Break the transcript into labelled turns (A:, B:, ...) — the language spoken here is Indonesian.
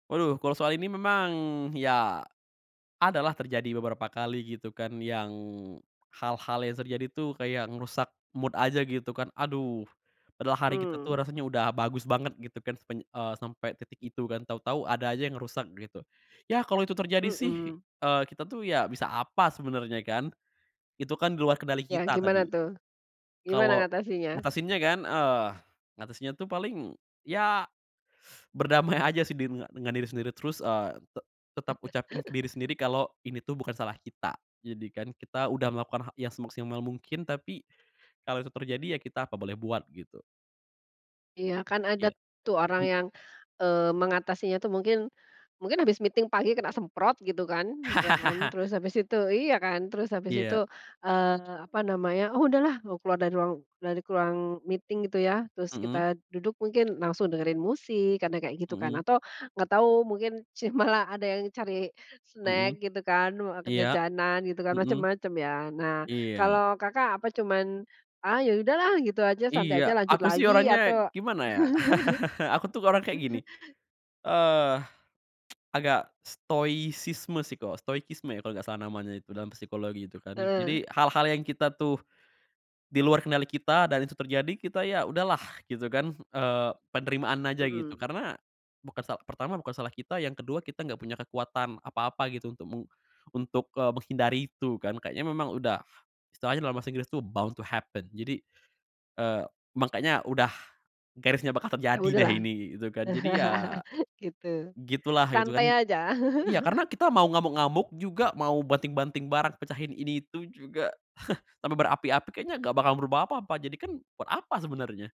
A: Waduh, kalau soal ini memang, ya, adalah terjadi beberapa kali, gitu kan, yang hal-hal yang terjadi tuh, kayak ngerusak mood aja, gitu kan. Aduh, padahal hari kita
B: Mmm.
A: tuh rasanya udah bagus banget, gitu kan, sepanj eee, sampai titik itu, kan. Tau-tau, ada aja yang ngerusak, gitu. Yah, kalo itu terjadi sih,
B: Mhm.
A: eee, kita tuh, ya bisa apa, sebenernya, kan. Itu kan di luar kendali
B: Ya,
A: kita,
B: gimana
A: tadi.
B: tuh? Gimana
A: Kalau
B: ngatasinya?
A: ngatasinnya kan? Eee, ngatasinnya tuh paling ya berdamai aja sih, di denga dengan diri sendiri. Terus, eee, te tetap ucapin ke diri sendiri, kalau ini tuh bukan salah kita. Jadi kan kita udah melakukan ha yang semaksimal mungkin. Tapi, kalau itu terjadi, ya kita apa boleh buat, gitu.
B: Iya, kan ada
A: Iya.
B: tuh, orang
A: Pen
B: yang, eee, mengatasinya tuh, mungkin, mungkin habis meeting pagi kena semprot, gitu kan, ya kan, terus habis itu iya kan? Terus habis itu,
A: Iya.
B: eee, apa namanya, "Oh, udahlah!" Mau keluar dari ruang dari ruang meeting, gitu ya, terus kita
A: Mhm.
B: duduk mungkin, langsung dengerin musik, kadang kayak gitu, kan.
A: Mhm
B: Atau, nggak tahu, mungkin sih, malah ada yang cari
A: Mhm.
B: snack, gitu kan, wa ke
A: Iya.
B: jajanan, gitu kan?
A: Mhm.
B: Macem-macem, ya. Nah,
A: Iya.
B: kalau Kakak apa cuman, "Ah, ya udahlah!" Gitu aja, santai
A: Iya.
B: aja, lanjut
A: Aku sih
B: lagi,
A: orangnya,
B: atau
A: gimana ya? Aku tuh, orang kayak gini, eee, agak stoikisme sih ko stoikisme ya, kalo nggak salah, namanya itu, dalam psikologi, gitu kan.
B: Heeh.
A: Jadi, hal-hal yang kita tuh, di luar kendali kita, dan itu terjadi, kita ya udahlah, gitu kan. Eee, penerimaan aja, gitu.
B: Mhm.
A: Karena, bukan sal pertama, bukan salah kita, yang ke-2, kita nggak punya kekuatan apa-apa, gitu, untuk meng untuk, eee, menghindari itu, kan. Kayaknya memang udah, istilahnya dalam bahasa Inggris tuh, bound to happen. Jadi, eee, mangkanya udah garisnya bakal
B: "Ya
A: terjadi deh,
B: udahlah"?
A: ini, kek gitu kan. Jadi, ya
B: Gitu.
A: gitulah, gitu kan.
B: Santai aja.
A: Iya, karena kita mau ngamuk-ngamuk juga, mau banting-banting barang, pecahin ini-itu juga, sampai berapi-api, kayaknya nggak bakal merubah apa-apa. Jadi kan, buat apa, sebenarnya?